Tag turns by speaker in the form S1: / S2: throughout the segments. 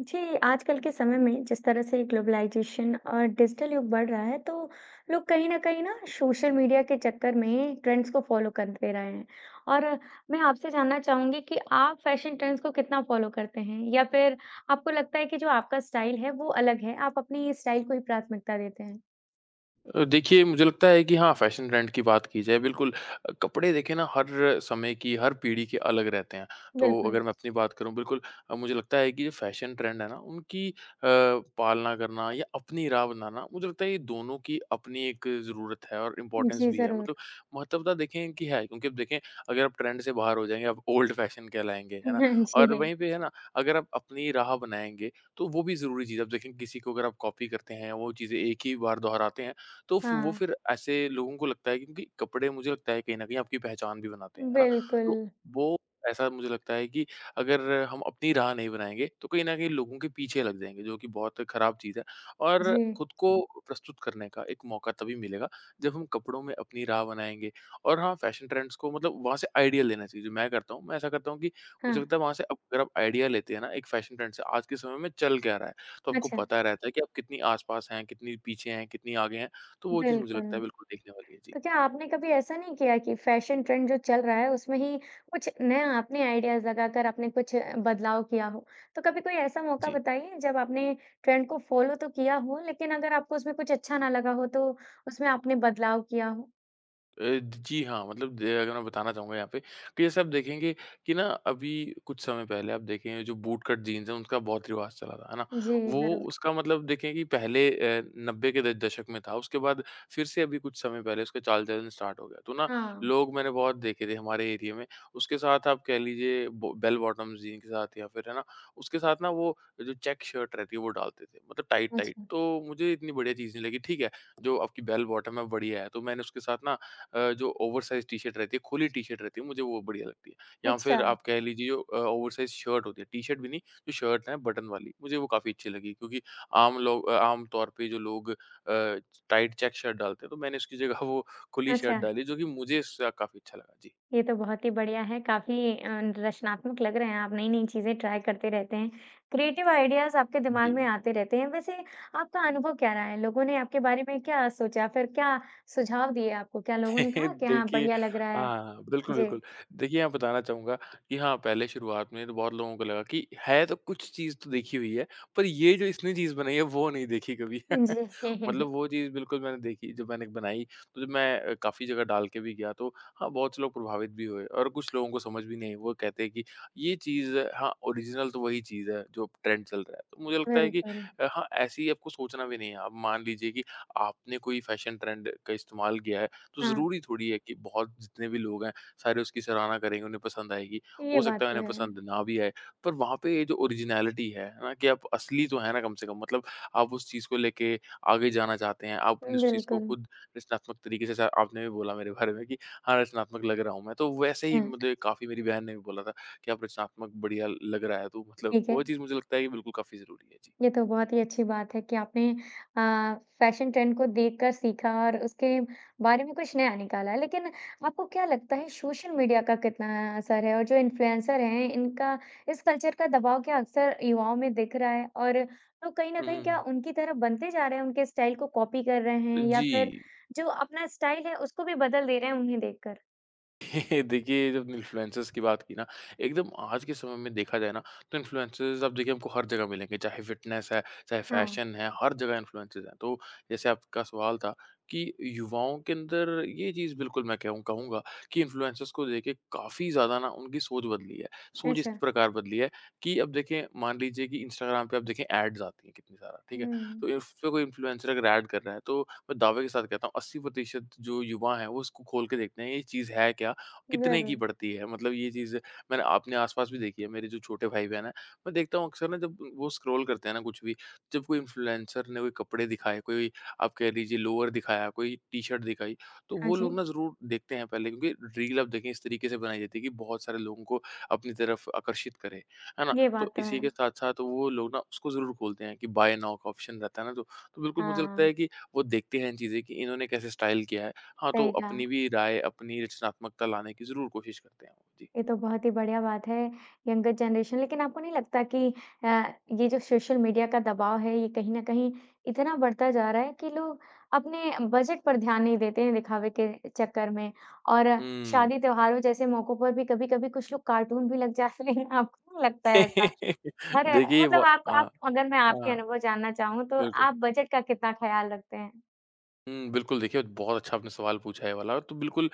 S1: जी, आजकल के समय में जिस तरह से ग्लोबलाइज़ेशन और डिजिटल युग बढ़ रहा है, तो लोग कहीं न कहीं ना, सोशल मीडिया के चक्कर में ट्रेंड्स को फ़ॉलो करते रहे हैं और मैं आपसे जानना चाहूँगी कि आप फैशन ट्रेंड्स को कितना फ़ॉलो करते हैं? या फिर आपको लगता है कि जो आपका स्टाइल है, वो अलग है, आप अपनी स्टाइल को प्राथमिकता देते हैं?
S2: अ, देखिए मुझे लगता है कि हाँ, फैशन ट्रेंड की बात की जाए बिल्कुल अ, कपड़े देखें ना हर समय की, हर पीढ़ी के अलग रहते हैं। तो
S1: बिल्कुल।
S2: अगर मैं अपनी बात करूँ बिल्कुल अ, मुझे लगता है कि ये फैशन ट्रेंड है ना उनकी अ, पालना करना या अपनी राय् बनाना, मुझे लगता है ये दोनों की अपनी एक ज़रूरत है और इंपोर्टेन्स
S1: जी
S2: भी है,
S1: ज़रूर।
S2: मतलब महत्वता देखें इनकी है क्योंकि अब देखें, अगर आप ट्रेंड से बाहर हो जाएँगे, आप ओल्ड फैशन कहलाएँगे, है ना?
S1: हाँ
S2: और
S1: जी।
S2: वहीं पे है ना, अगर आप अपनी राह बनाएँगे, तो वो भी ज़रूरी चीज़ है। अब देखें किसी को अगर आप कॉपी करते हैं, वो चीज़ें एक ही बार दोहराते हैं तो फ वो
S1: हाँ।
S2: फिर ऐसे लोगों को लगता है क्योंकि कपड़े मुझे लगता है कहीं न कहीं आपकी पहचान भी बनाते, हैं ना? तो,
S1: बिल्कुल।
S2: वो ऐसा मुझे लगता है कि अगर हम अपनी राह नहीं बनाएँगे, तो कहीं न कहीं लोगों के पीछे लग जाएँगे, जो कि बहुत खराब चीज़ है। और
S1: जी।
S2: खुद को प्रस्तुत करने का एक मौका तभी मिलेगा, जब हम कपड़ों में अपनी राह बनाएँगे और हाँ फैशन ट्रेंड्स को मतलब वहाँ से आइडिया लेना चाहिए जो मैं करता हूँ। मैं ऐसा करता हूँ कि मुझे
S1: हाँ।
S2: लगता है वहाँ से अप अगर आप आइडिया लेते हैं ना? एक फैशन ट्रेंड से आज के समय में चल क्या रहा है? तो आपको
S1: अच्छा
S2: पता रहता है कि आप कितनी आस-पास हैं, कितनी पीछे हैं, कितनी आगे हैं, तो वो चीज़ मुझे लगता है
S1: बिल्कुल।
S2: बिल्कुल देखने वाली है। जी।
S1: तो क्या आपने कभी ऐसा नहीं किया कि फैशन ट्रेंड जो चल रहा है उसमें ही, कुछ नया आइडियाज़ लगाकर आपने कुछ बदलाव किया हो। तो कभी कोई ऐसा मौका
S2: जी।
S1: बताइए जब आपने ट्रेंड को फ़ॉलो तो किया हो, लेकिन अगर आपको उसमें कुछ अच्छा ना लगा हो तो उसमें आपने बदलाव किया हो?
S2: अ, ज जी। हाँ, मतलब दे अगर मैं बताना चाहूँगा यहाँ पे कि जिसे आप देखेंगे कि ना अभी कुछ समय पहले आप देखेंगे जो बूट कट जीन्स हैं उसका बहुत रिवाज़ चला था है ना
S1: जी।
S2: वो
S1: ज़रूर।
S2: उसका मतलब देखें कि पहले अ, 90 के द दशक में था उसके बाद फ़िर से अभी कुछ समय पहले इसका चाल-चलन स्टार्ट हो गया तो ना
S1: हाँ।
S2: लोग मैंने बहुत देखे थे हमारे एरिये में उसके साथ आप कह लीजिए बो बेल बॉटम्स जीन्स के साथ या फ़िर है ना उसके साथ ना वो जो चेक शर्ट रहती है वो डालते थे मतलब टाइट-टाइट
S1: अच्छा।
S2: तो मुझे इतनी बढ़िया चीज़ नहीं लगी ठीक है जो आपकी बेल बॉटम हैं वो बढ़िया है तो मैंने उसके साथ ना अ, जो ओवर साइज़्ड टी शर्ट रहती है खुली टी शर्ट रहती है मुझे वो बढ़िया लगती है या फ़िर
S1: अच्छा।
S2: आप कह लीजिए अ, ओवर साइज़्ड शर्ट होती है टी-शर्ट भी नहीं जो शर्ट है बटन वाली मुझे वो काफ़ी अच्छी लगी क्योंकि आम लोग अ आम तौर पे जो लोग अ, टाइट चेक शर्ट डालते हैं तो मैंने उसकी जगह वो खुली शर्ट
S1: अच्छा।
S2: डाली जो कि मुझे इससे काफ़ी अच्छा लगा। जी।
S1: ये तो बहुत ही बढ़िया है काफ़ी अ, रचनात्मक लग रहे हैं आप नई-नई चीज़ें ट्राय करते रहते हैं क्रिएटिव आइडियाज़ आपके दिमाग में
S2: जी।
S1: आते रहते हैं वैसे आपका अनुभव क्या रहा है, लोगों ने आपके बारे में क्या सोचा? फ़िर क्या सुझाव दिए आपको? क्या लोगों ने कहा कि हाँ,
S2: देखिए
S1: बढ़िया लग रहा है?
S2: हाँ, हाँ। बिल्कुल,
S1: जी।
S2: बिल्कुल। देखिए यहाँ बताना चाहूँगा कि हाँ, पहले शुरुआत में तो बहुत लोगों को लगा कि है तो कुछ चीज़ तो देखी हुई है पर ये जो इसने चीज़ बनाई है वो नहीं देखी कभी।
S1: जी।
S2: मतलब वो चीज़ बिल्कुल मैंने देखी जो मैंने बनाई तो जब मैं काफ़ी जगह डाल के भी गया तो हाँ, बहुत से लोग प्रभावित भी हुए और कुछ लोगों को समझ भी नहीं आई वो कहते हैं कि ये चीज़ हाँ, ओरिज़िनल तो वहीं चीज़ है जो ट्रेंड चल रहा है। तो मुझे लगता है कि
S1: बिल्कुल।
S2: अ, हाँ, ऐसी ही आपको सोचना भी नहीं है आप मान लीजिए कि आपने कोई फ़ैशन ट्रेंड का इस्तेमाल किया है तो
S1: हाँ।
S2: ज़रूरी थोड़ी है कि बहुत जितने भी लोग हैं सारे उसकी सराहना करेंगे, उन्हें पसंद आएगी हो
S1: ये बात
S2: सकता है
S1: तो
S2: उन्हें
S1: है।
S2: पसंद ना भी आए। पर वहाँ पे ये जो ओरिज़िनालिटी है ना कि आप असली तो है ना कम से कम मतलब आप उस चीज़ को लेके आगे जाना चाहते हैं आप
S1: उ,
S2: उस चीज़ को
S1: बिल्कुल।
S2: खुद रचनात्मक तरीके से जैसा आपने भी बोला मेरे बारे में कि हाँ, रचनात्मक लग रहा हूँ मैं तो वैसे ही
S1: हाँ।
S2: मुझे काफ़ी मेरी बहन ने भी बोला था कि अब रचनात्मक बढ़िया लग रहा है तू मतलब
S1: ठीक
S2: वो
S1: है।
S2: चीज़ मुझे लगता है की बिल्कुल काफ़ी ज़रूरी है। जी।
S1: ये तो बहुत ही अच्छी बात है कि आपने अ, फ़ैशन ट्रेंड को देखकर सीखा और उसके बारे में कुछ नया निकाला है लेकिन आपको क्या लगता है सोशल मीडिया का कितना असर है और जो इन्फ्लुएंसर हैं इनका इस कल्चर का दबाव क्या अक्सर युवाओं में दिख रहा है और तो कहीं न
S2: हुँ,
S1: कहीं
S2: हुँ,
S1: क्या
S2: हुँ।
S1: उनकी तरह बनते जा रहे हैं उनके स्टाइल को कॉपी कर रहे हैं या फ़िर
S2: अजी।
S1: जो अपना स्टाइल है उसको भी बदल दे रहे हैं उन्हें देखकर?
S2: देखिए, जब इन्फ्लुएंसर्स की बात की ना एकदम आज के समय में देखा जाए ना, तो इन्फ्लुएंसर्स, अब देखिए हमको हर जगह मिलेंगे चाहे फ़िटनेस है, चाहे
S1: हाँ।
S2: फ़ैशन है हर जगह इन्फ्लुएंसर्स हैं। तो, जैसे आपका सवाल था कि, युवाओं के अंदर ये चीज़ बिल्कुल मैं केहूँ कहूँगा कि, इन्फ्लुएंसर्स को लेके काफ़ी ज़्यादा ना उनकी सोच बदली है। सोच इस
S1: अच्छा।
S2: प्रकार बदली है कि, अब देखें मान लीजिए कि इंस्टाग्राम पे अब देखें ऐड्स आती हैं कितनी सारा, ठीक है?
S1: हुँ।
S2: तो इसपे कोई इन्फ्लुएंसर अगर ऐड कर रहा है, तो मैं दावे के साथ कहता हूँ 80 प्रतिशत जो युवा हैं, वो उसको खोल के देखते हैं, ये चीज़ है क्या? कितने की
S1: ज़रूर।
S2: पड़ती है? मतलब ये चीज़ें मैंने आपने आस-पास भी देखी है, मेरे जो छोटे भाई-बहन हैं। मैं देखता हूँ अक्सर ना, जब उ वो स्क्रॉल करते हैं ना कुछ भी जब कोई इन्फ्लुएंसर ने कोई कपड़े दिखाए, कोई आप कह लीजिए लोअर दिखाया, कोई टी शर्ट दिखाई, तो
S1: हाँ
S2: वो लोग
S1: जी।
S2: ना ज़रूर देखते हैं पहले। क्योंकि रील अब देखें इस तरीके से बनाई जाती है कि बहुत सारे लोगों को अपनी तरफ आकर्षित करें, है ना?
S1: ये
S2: तो
S1: बात तो
S2: इसी के
S1: है।
S2: साथ-साथ वो लोग ना, उसको ज़रूर खोलते हैं कि बाय नाउ का ऑप्शन रहता है ना दो तो बिल्कुल मुझे लगता
S1: हाँ।
S2: है कि, वो देखते हैं इन चीज़ें कि इन्होंने कैसे स्टाइल किया है। हाँ, तो
S1: सही कहा।
S2: अपनी भी राय, अपनी रचनात्मकता लाने की ज़रूर कोशिश करते हैं वो। जी।
S1: ये तो बहुत ही बढ़िया बात है। यंगर जनरेशन लेकिन आपको नहीं लगता कि अ, ये जो सोशल मीडिया का दबाव है, ये कहीं न कहीं इतना बढ़ता जा रहा है कि लोग अपने बजट पर ध्यान नहीं देते हैं दिखावे के चक्कर में। और
S2: हुँ।
S1: शादी, त्योहारों जैसे मौकों पर भी कभी-कभी कुछ लोग कार्टून भी लग जाते है आपको नहीं लगता ऐसा? हर
S2: देखिए,
S1: मतलब
S2: व
S1: आप
S2: हाँ,
S1: आप अगर मैं आपके
S2: हाँ।
S1: अनुभव जानना चाहूँ, तो
S2: बिल्कुल।
S1: आप बजट का कितना ख़्याल रखते हैं?
S2: हुँ, बिल्कुल देखिए, द बहुत अच्छा आपने सवाल पूछा ये वाला, तो बिल्कुल अ,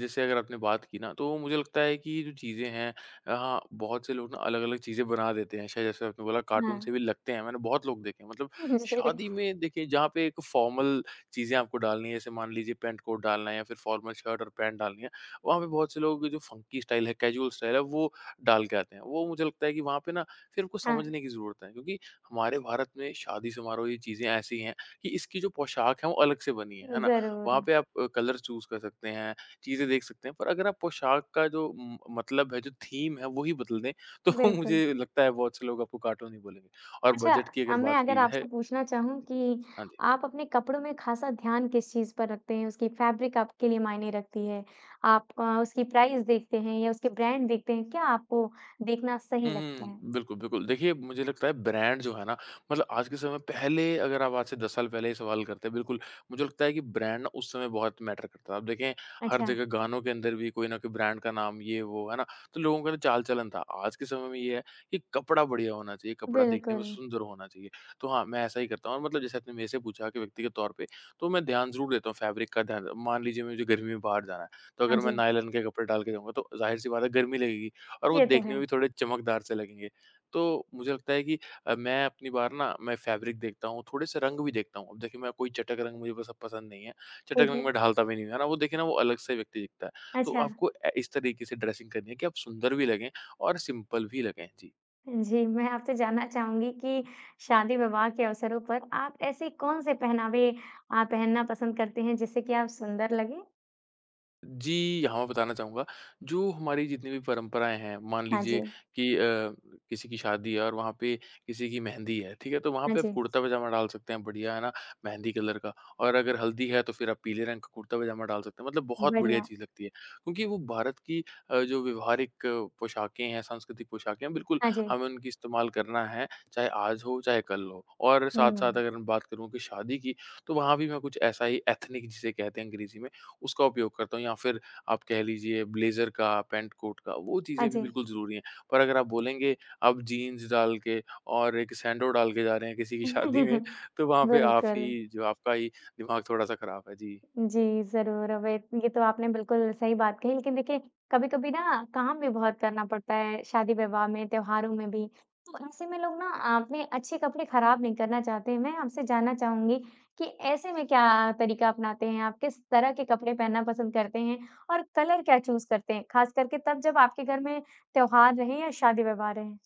S2: जैसे अगर आपने बात की ना, तो वो मुझे लगता है कि ये जो चीज़ें हैं अ, हाँ, बहुत से लोग ना अलग-अलग चीज़ें बना देते हैं। शायद जैसे आपने बोला कार्टून से
S1: हाँ।
S2: भी लगते हैं, मैंने बहुत लोग देखे हैं, मतलब
S1: जी।
S2: शादी में देखिए जहाँ पे एक फॉर्मल चीज़ें आपको डालनी है, जैसे मान लीजिए पैंट-कोट डालना है या फिर फॉर्मल शर्ट और पैंट डालनी है, वहाँ पे बहुत से लोगों की जो फ़ंकी स्टाइल है, कैजुअल स्टाइल है, वो डाल के आते हैं। वो मुझे लगता है कि वहाँ पे ना फिर कुछ
S1: हाँ।
S2: समझने की ज़रूरत है क्योंकि हमारे भारत में शादी-समारोह ये चीज़ें ऐसी हैं कि, इसकी जो पोशाक हैं, वो अलग से बनी हैं, है ना? वहाँ
S1: ज़रूर।
S2: पे आप अ, कलर चूज़ कर सकते हैं, चीज़ें देख सकते हैं पर अगर आप पोशाक का जो उम, मतलब है, जो थीम है वही बदल दें तो
S1: बिल्कुल।
S2: मुझे लगता है बहुत से लोग आपको कार्टून हीं बोलेंगे। और
S1: अच्छा।
S2: बजट की अगर
S1: अ, मैं
S2: बात
S1: अगर
S2: की जाए
S1: आपसे पूछना चाहूँ कि,
S2: हाँ जी।
S1: आप अपने कपड़ों में ख़ासा ध्यान किस चीज़ पर रखते हैं? उसकी फैब्रिक आपके लिए मायने रखती है? आप अ, उसकी प्राइस देखते हैं या उसके ब्रांड देखते हैं? क्या आपको देखना सही
S2: हुँ,
S1: लगता है?
S2: हुँ, बिल्कुल, बिल्कुल। देखिए, मुझे लगता है ब्रांड जो है ना मतलब आज के समय पहले अगर आप आज से 10 साल पहले ये सवाल करते, बिल्कुल मुझे लगता है कि ब्रांड ना उस समय बहुत मैटर करता था। अब देखें हर
S1: अच्छा।
S2: जगह गानों के अंदर भी कोई न कोई ब्रांड का नाम ये वो है ना? तो लोगों का ना चाल-चलन था। आज के समय में ये है, कि कपड़ा बढ़िया होना चाहिए, कपड़ा देखने में
S1: बिल्कुल।
S2: सुंदर होना चाहिए, तो हाँ, मैं ऐसा ही करता हूँ और मतलब जैसे आपने मेरे से पूछा कि व्यक्तिगत तौर पे, तो मैं ध्यान ज़रूर देता हूँ फैब्रिक का ध्यान मान लीजिए मुझे गर्मी में बाहर जाना है, तो
S1: हाँ
S2: अगर मैं
S1: जी।
S2: नायलॉन के कपड़े डाल के जाऊँगा, तो ज़ाहिर-सी बात है गर्मी लगेगी और वो
S1: ये तो
S2: देखने
S1: है।
S2: में भी थोड़े चमकदार से लगेंगे। तो मुझे लगता है कि अ, मैं अपनी बार ना मैं फैब्रिक देखता हूँ, थोड़े-से रंग भी देखता हूँ। अब देखिए, मैं कोई चटक रंग मुझे बस अब पसंद नहीं है, चटक
S1: ठीक
S2: रंग
S1: है।
S2: में ढालता भी नहीं हूँ, है ना? वो देखें ना वो अलग से व्यक्ति दिखता है। तो
S1: अच्छा।
S2: आपको ए इस तरीके से ड्रेसिंग करनी है कि आप सुंदर भी लगें और सिंपल भी लगें। जी।
S1: जी। मैं आपसे जानना चाहूँगी कि, शादी-विवाह के अवसरों पर आप ऐसे कौन-से पहनावे अ, पहनना पसंद करते हैं जिससे कि आप सुंदर लगें?
S2: जी। हाँ, मैं बताना चाहूँगा जो हमारी जितनी भी परंपराएँ हैं, मान
S1: हाँ
S2: लीजिए
S1: जी।
S2: कि अ, किसी की शादी है और वहाँ पे किसी की मेहंदी है, ठीक है, तो वहाँ
S1: हाँ
S2: पे आप
S1: जी।
S2: कुर्ता-पजामा डाल सकते हैं बढ़िया है ना, मेहंदी कलर का और अगर हल्दी है, तो फिर आप पीले रंग का कुर्ता-पजामा डाल सकते हैं, मतलब बहुत बढ़िया
S1: बढ़िया।
S2: चीज़ लगती है। क्योंकि वो भारत की अ, जो व्यावहारिक पोशाकें हैं, सांस्कृतिक पोशाकें हैं, बिल्कुल
S1: हाँ जी।
S2: हमें उनकी इस्तेमाल करना है, चाहे आज हो, चाहे कल हो। और साथ-साथ
S1: हुँ।
S2: अगर हम बात करूँ कि शादी की, तो वहाँ भी मैं कुछ ऐसा ही एथनिक जिसे कहते हैं, अंग्रेज़ी में उसका उपयोग करता हूँ। या फिर आप कह लीजिए ब्लेज़र का, पैंट-कोट का वो
S1: हाँ
S2: चीज़ें भी
S1: जी।
S2: बिल्कुल ज़रूरी है। पर अगर आप बोलेंगे, अब जीन्स डाल के और एक सैंडो डाल के जा रहे हैं, किसी की शादी में तो वहाँ पे आप
S1: बिल्कुल।
S2: ही जो आपका ही दिमाग थोड़ा-सा ख़राब है। जी।
S1: जी। ज़रूर अवैत ये तो आपने बिल्कुल सही बात कही। लेकिन देखिए कभी-कभी ना काम भी बहुत करना पड़ता है, शादी-विवाह में, त्योहारों में भी। तो ऐसे में लोग ना अ, अपने अच्छे कपड़े खराब नहीं करना चाहते हैं। मैं आपसे जानना चाहूँगी कि ऐसे में क्या तरीक़ा अपनाते हैं आप? किस तरह के कपड़े पहनना पसंद करते हैं और कलर क्या चूज़ करते हैं? ख़ासकर के तब जब आपके घर में त्योहार रहें या शादी-विवाह रहें।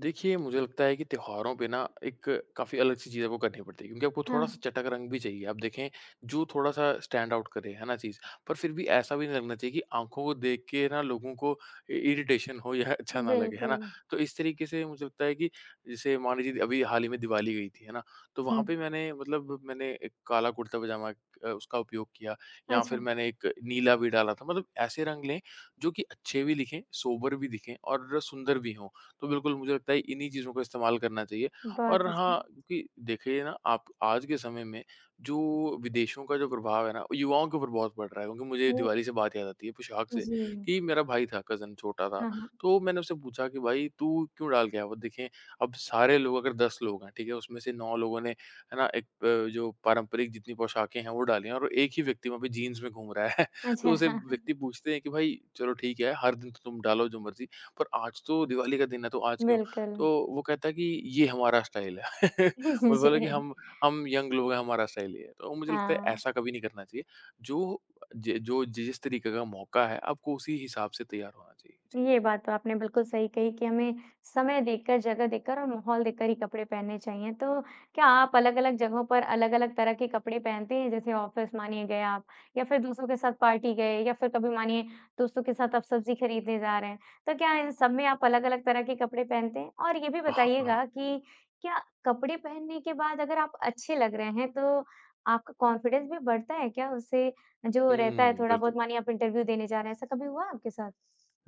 S2: देखिए, मुझे लगता है कि त्योहारों पे ना एक काफ़ी अलग-सी चीज़ आपको करनी पड़ती है, क्योंकि आपको थोड़ा-सा
S1: हाँ।
S2: चटक रंग भी चाहिए। आप देखें, जो थोड़ा-सा स्टैंड आउट करे, है ना चीज़। पर फिर भी ऐसा भी नहीं लगना चाहिए कि आँखों को देख के ना लोगों को इ इरिटेशन हो या अच्छा ना लगे, है ना।
S1: बिल्कुल।
S2: तो इस तरीक़े से मुझे लगता है, कि जैसे मान लीजिए द अभी हाल ही में दीवाली गई थी, है ना, तो वहाँ पे
S1: हुँ।
S2: मैंने मतलब मैंने एक काला कुर्ता-पजामा अ, उसका उपयोग किया या फिर
S1: अच्छा।
S2: मैंने एक नीला भी डाला था, मतलब ऐसे रंग लें, जो कि अच्छे भी लिखें, सोबर भी दिखे और सुंदर भी हों। तो बिल्कुल, मुझे लगता है इन्हीं चीज़ों का इस्तेमाल करना चाहिए।
S1: बहुत
S2: और हाँ,
S1: अच्छा।
S2: क्योंकि देखिए ना आप आज के समय में, जो विदेशों का जो प्रभाव है ना, वो युवाओं के ऊपर बहुत बढ़ रहा है। क्योंकि मुझे ये
S1: ओह!
S2: दीवाली से बात याद आती है, पोशाक से
S1: जी।
S2: कि मेरा भाई था कज़िन छोटा था,
S1: हाँ, हाँ।
S2: तो मैंने उससे पुछा कि, "भाई तू क्यों डाल के आया वो?" देखें, अब सारे लोग अगर 10 लोग हैं, ठीक है? उसमें से 9 लोगों ने, है ना, एक प जो पारंपरिक जितनी पोशाकें हैं, वो डाली हैं, और 1 ही व्यक्ति वहाँ पे जीन्स में घूम रहा है। तो
S1: अच्छा।
S2: उसे
S1: हाँ, हाँ।
S2: व्यक्ति पूछते हैं, कि, "भई चलो ठीक है, हर दिन तो तुम डालो जो मर्ज़ी पर आज तो दीवाली का दिन है तो आज क्यों?"
S1: बिल्कुल।
S2: तो वो कहता है कि, "ये हमारा स्टाइल है।" वही बोले कि
S1: जी।
S2: हम हम यंग लोग हैं, हमारा स्टाइल ये है। तो मुझे लगता है,
S1: हाँ।
S2: ऐसा कभी नहीं करना चाहिए। जो ज जो जि जिस तरीक़े का मौक़ा है, आपको उसी हिसाब से तैयार होना चाहिए। जी।
S1: ये बात तो आपने बिल्कुल सही कही कि हमें समय देखकर, जगह देखकर और माहौल देखकर ही कपड़े पहनने चाहिए। तो, क्या आप अलग-अलग जगहों पर अलग-अलग तरह के कपड़े पहनते हैं? जैसे ऑफ़िस मानिए गए आप या फिर दोस्तों के साथ पार्टी गए या फिर कभी मानिए दोस्तों के साथ आप सब्ज़ी खरीदने जा रहे हैं, तो क्या इन सब में आप अलग-अलग तरह के कपड़े पहनते हैं? और ये भी
S2: अह हाँ।
S1: बताइएगा कि क्या कपड़े पहनने के बाद अगर आप अच्छे लग रहे हैं तो आपका कॉन्फिडेंस भी बढ़ता है क्या उससे जो रहता है,
S2: हुँ। बिल्कुल।
S1: थोड़ा-बहुत मानिए आप इंटरव्यू देने जा रहे हैं ऐसा कभी हुआ आपके साथ?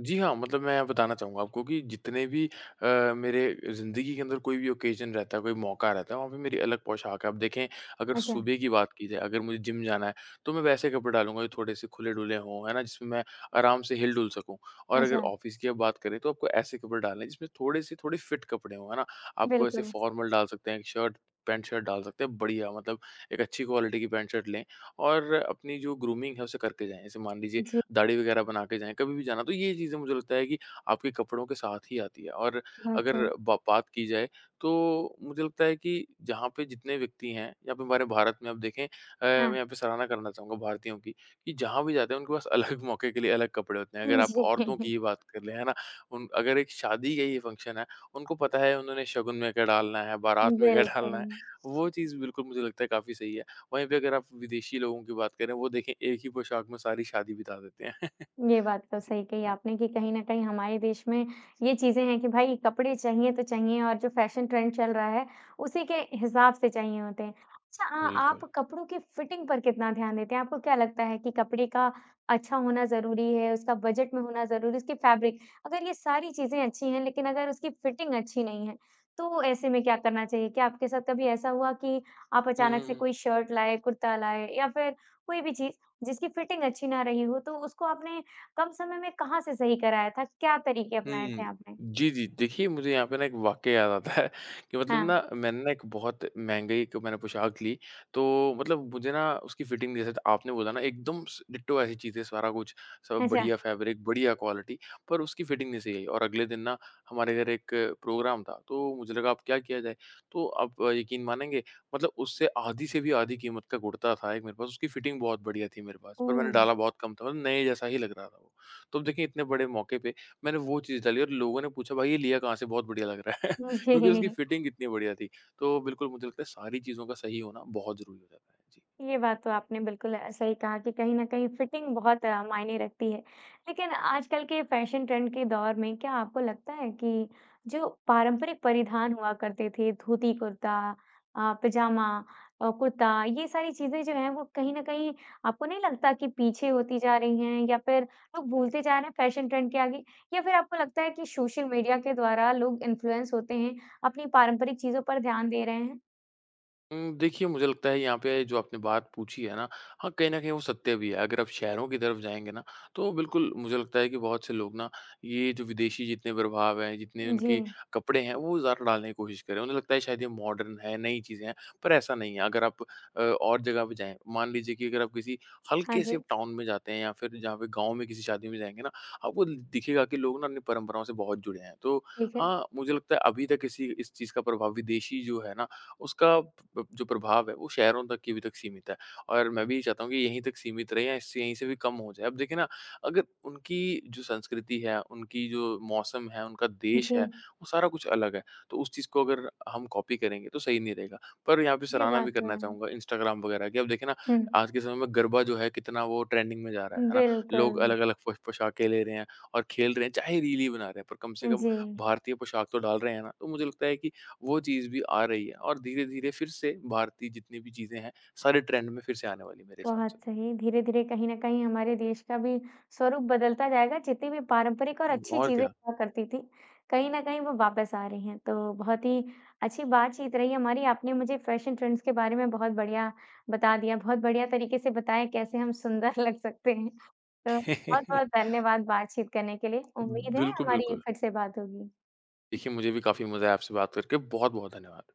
S2: जी हाँ, मतलब मैं बताना चाहूँगा आपको कि जितने भी अ, मेरे ज़िंदगी के अंदर कोई भी ओकेज़न रहता है, कोई मौक़ा रहता है, वहाँ पे मेरी अलग पोशाक है। अब देखें, अगर
S1: अच्छा।
S2: सुबह की बात की जाए, अगर मुझे जिम जाना है, तो मैं वैसे कपड़े डालूँगा, जो थोड़े-से खुले-डुले हों, है ना जिसमें मैं आराम से हिल-डुल सकूँ। और अगर
S1: अच्छा।
S2: ऑफ़िस की अब बात करें, तो आपको ऐसे कपड़े डालने हैं, जिसमें थोड़े-से थोड़ी फ़िट कपड़े हों, है ना। आप कोई ऐसे
S1: बिल्कुल।
S2: फ़ॉर्मल डाल सकते हैं, एक शर्ट, पैंट-शर्ट डाल सकते हैं बढ़िया मतलब एक अच्छी क्वालिटी की पैंट-शर्ट लें और अपनी जो ग्रूमिंग है, उसे करते जाएँ। जैसे मान लीजिए,
S1: जी।
S2: दाढ़ी वग़ैरह बना के जाएँ, कभी भी जाना। तो ये चीज़ें मुझे लगता है कि आपके कपड़ों के साथ ही आती है। और
S1: बहुत
S2: अगर
S1: सही।
S2: ब बात की जाए, तो मुझे लगता है कि जहाँ पे जितने व्यक्ति हैं, यहाँ पे हमारे भारत में आप देखें अ, मैं
S1: हाँ।
S2: यहाँ पे सराहना करना चाहूँगा भारतीयों की, कि जहाँ भी जाते हैं, उनके पास अलग मौक़े के लिए अलग कपड़े होते हैं। अगर
S1: उम,
S2: आप औरतों की ही
S1: जी।
S2: बात कर लें, है ना, उन अगर एक शादी का ये फ़ंक्शन है, उनको पता है, उन्होंने शगुन में क्या डालना है,
S1: उम,
S2: बरात में क्या डालना है,
S1: बिल्कुल।
S2: वो चीज़ बिल्कुल मुझे लगता है काफ़ी सही है। वहीं पे अगर आप विदेशी लोगों की बात करें, वो देखें एक ही पोशाक में सारी शादी बिता देते हैं।
S1: ये बात तो
S2: जी,
S1: सही कही
S2: हाँ।
S1: आपने कि कहीं न कहीं हमारे देश में ये चीज़ें हैं कि भई कपड़े चाहिए तो चाहिए और जो फ़ैशन ट्रेंड चल रहा है, उसी के हिसाब से चाहिए होते हैं। अच्छा अ,
S2: बिल्कुल।
S1: आप कपड़ों की फ़िटिंग पर कितना ध्यान देते हैं? आपको क्या लगता है कि कपड़े का अच्छा होना ज़रूरी है, उसका बजट में होना ज़रूरी है, उसकी फ़ैब्रिक अगर ये सारी चीज़ें अच्छी हैं लेकिन अगर उसकी फ़िटिंग अच्छी नहीं है, तो ऐसे में क्या करना चाहिए? क्या आपके साथ कभी ऐसा हुआ कि, आप
S2: हुँ,
S1: अचानक
S2: हुँ,
S1: से
S2: हुँ।
S1: कोई शर्ट लाए, कुर्ता लाए या फिर कोई भी चीज़ जिसकी फ़िटिंग अच्छी ना रही हो, तो उसको आपने कम समय में कहाँ से सही कराया था, क्या तरीक़े अपनाया थे
S2: हुँ।
S1: आपने?
S2: जी, जी। देखिए, मुझे यहाँ पे ना एक वाक़या याद आता है, कि मतलब ना,
S1: हाँ।
S2: मैंने ना एक बहुत महँगी 1 मैंने पोशाक ली। तो, मतलब मुझे ना उसकी फ़िटिंग जैसे तो आपने बोला ना एकदम स डिट्टो ऐसी चीज़ें सारा कुछ, सब
S1: अच्छा।
S2: बढ़िया फ़ैब्रिक, बढ़िया क्वालिटी पर उसकी फ़िटिंग नहीं सही आई। और अगले दिन ना, हमारे घर 1 प्रोग्राम था, तो मुझे लगा अब क्या किया जाए? तो आप यक़ीन मानेंगे, मतलब उससे आधी से भी आधी कीमत का कुर्ता था, 1 मेरे पास उसकी फ़िटिंग बहुत बढ़िया थी, मेरे पास पर मैंने
S1: ओह!
S2: डाला बहुत कम था और नए जैसा ही लग रहा था वो। तो अब देखें, इतने बड़े मौक़े पे मैंने वो चीज़ डाली और लोगों ने पूछा भाई ये लिया कहाँ से? बहुत बढ़िया लग रहा है।
S1: उम, स
S2: क्योंकि उसकी
S1: जी।
S2: फ़िटिंग इतनी बढ़िया थी। तो, बिल्कुल मुझे लगता है सारी चीज़ों का सही होना बहुत ज़रूरी हो जाता है। जी।
S1: ये बात तो आपने बिल्कुल अ, सही कहा कि कहीं न कहीं फ़िटिंग बहुत मायने रखती है। लेकिन आजकल के फ़ैशन ट्रेंड के दौर में क्या आपको लगता है कि, जो पारंपरिक परिधान हुआ करते थे धोती-कुर्ता अ, पजामा अ, कुर्ता ये सारी चीज़ें जो हैं वो कहीं न कहीं आपको नहीं लगता कि पीछे होती जा रही हैं या फिर लोग भूलते जा रहे हैं, फ़ैशन ट्रेंड के आगे? या फिर आपको लगता है कि सोशल मीडिया के द्वारा लोग इंफ्लुएंस होते हैं, अपनी पारंपरिक चीज़ों पर ध्यान दे रहे हैं?
S2: उम, देखिए मुझे लगता है यहाँ पे जो आपने बात पूछी है ना, हाँ कहीं न कहीं वो सत्य भी है। अगर आप शहरों की तरफ जाएँगे ना, तो बिल्कुल मुझे लगता है कि बहुत से लोग ना ये जो विदेशी जितने प्रभाव हैं, जितने उनके
S1: जी।
S2: कपड़े हैं वो ज़्यादा डालने की कोशिश कर रहे हैं। उन्हें लगता है शायद ये मॉडर्न है, नई चीज़ें हैं, पर ऐसा नहीं है। अगर आप अ, और जगह पे जाएँ मान लीजिए कि अगर आप किसी
S1: हाँ,
S2: हल्के से
S1: जी।
S2: टाउन में जाते हैं या फिर जहाँ पर गाँव में किसी शादी में जाएँगे ना आपको दिखेगा कि लोग ना अपनी परंपराओं से बहुत जुड़े हैं। तो
S1: ठीक है।
S2: हाँ, मुझे लगता है अभी तक इसी इस चीज़ का विदेशी जो है ना उसका जो प्रभाव है वो शहरों तक ही अभी तक सीमित है और मैं भी चाहता हूँ कि यहीं तक सीमित रहे और इससे यहीं से भी कम हो जाए। अब देखिए ना अगर उनकी जो संस्कृति है, उनकी जो मौसम है, उनका देश है
S1: जी।
S2: वो सारा कुछ अलग है तो उस चीज़ को अगर हम कॉपी करेंगे तो सही नहीं रहेगा। पर यहाँ पर
S1: ये
S2: सराहना
S1: बात
S2: भी
S1: तो
S2: करना
S1: है।
S2: चाहूँगा इंस्टाग्राम वग़ैरह की। अब देखिए ना
S1: हुँ।
S2: आज के समय में गरबा जो है कितना वो ट्रेंडिंग में जा रहा है, है ना? लोग
S1: बिल्कुल।
S2: अलग-अलग पोशाक ले रहे हैं और खेल रहे हैं, चाहे रील बना रहे हैं पर कम से कम
S1: जी।
S2: भारतीय पोशाक तो डाल रहे हैं ना? तो मुझे लगता है कि वो चीज़ भी आ रही है और धीरे-धीरे फिर से भारतीय जितनी भी चीज़ें हैं सारे ट्रेंड में फिर से आने वाली हैं, मेरे हिसाब से।
S1: बहुत सही। धीरे-धीरे कहीं न कहीं हमारे देश का भी स्वरूप बदलता जाएगा। जितनी भी पारंपरिक और
S2: उ,
S1: अच्छी
S2: और
S1: चीज़ें
S2: क्या।
S1: हुआ करती थीं। कहीं न कहीं वो वापस आ रही हैं। तो बहुत ही अच्छी बातचीत रही हमारी। आपने मुझे फैशन ट्रेंड्स के बारे में बहुत बढ़िया बता दिया। बहुत बढ़िया तरीके से बताया कैसे हम सुंदर लग सकते हैं। तो, बहुत-बहुत धन्यवाद बातचीत करने के लिए। उम्मीद है
S2: बिल्कुल,
S1: हमारी
S2: बिल्कुल।
S1: फिर से बात होगी।
S2: देखिए मुझे भी काफ़ी मज़ा आया आपसे बात करके। बहुत-बहुत धन्यवाद।